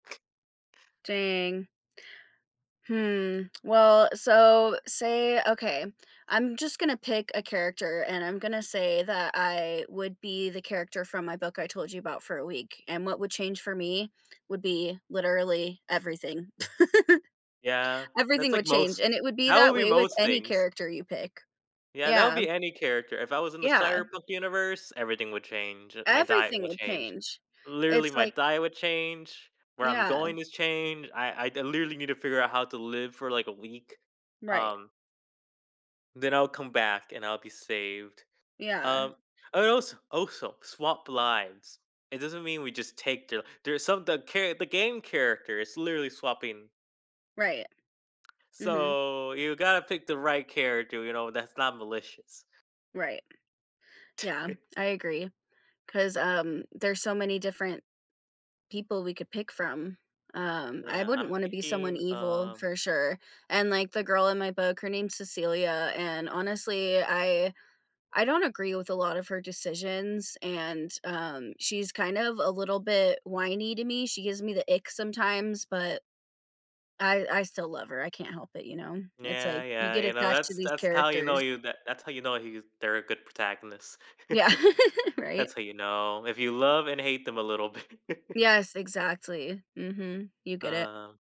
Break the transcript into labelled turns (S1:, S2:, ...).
S1: Dang. Hmm. well, so say okay, I'm just gonna pick a character and I'm gonna say that I would be the character from my book I told you about for a week, and what would change for me would be literally everything.
S2: Yeah, that's
S1: Everything
S2: like
S1: would change,
S2: most
S1: and it would be
S2: that
S1: that
S2: would be
S1: way with
S2: most
S1: any
S2: things.
S1: character you pick,
S2: Yeah, that would
S1: yeah.
S2: be any character. If I was in the
S1: Yeah.
S2: Cyberpunk universe, everything would change it My diet
S1: Everything
S2: will
S1: would
S2: change.
S1: change.
S2: Literally,
S1: It's
S2: my
S1: like
S2: diet would change, where I'm
S1: Yeah.
S2: going is change. I I literally need to figure out how to live for, like, a week,
S1: Right.
S2: um then I'll come back and I'll be saved.
S1: Yeah.
S2: Um, I als also swap lives. It doesn't mean we just take the there's some the char the game character is literally swapping
S1: Right. Mhm.
S2: So, you gotta pick the right character, you know, that's not malicious.
S1: Right. Yeah, I agree, 'cause, um, there's so many different people we could pick from. Um, I
S2: Yeah,
S1: wouldn't
S2: I'm
S1: wanna be someone
S2: thinking
S1: evil
S2: uh
S1: for sure, and, like, the girl in my book, her name is Cecilia, and honestly, I I don't agree with a lot of her decisions, and, um, she's kind of a little bit whiny to me. She gives me the ick sometimes, but, I I still love her, I can't help it, you know, it's
S2: Yeah,
S1: like you
S2: yeah,
S1: get
S2: you know,
S1: attached to
S2: that's t
S1: these
S2: that's how you know
S1: characters.
S2: you that's how you know he's they're a good protagonist.
S1: Yeah, right.
S2: That's how you know if you love and hate them a little bi
S1: Yes, exactly, mhm, you get it.
S2: Um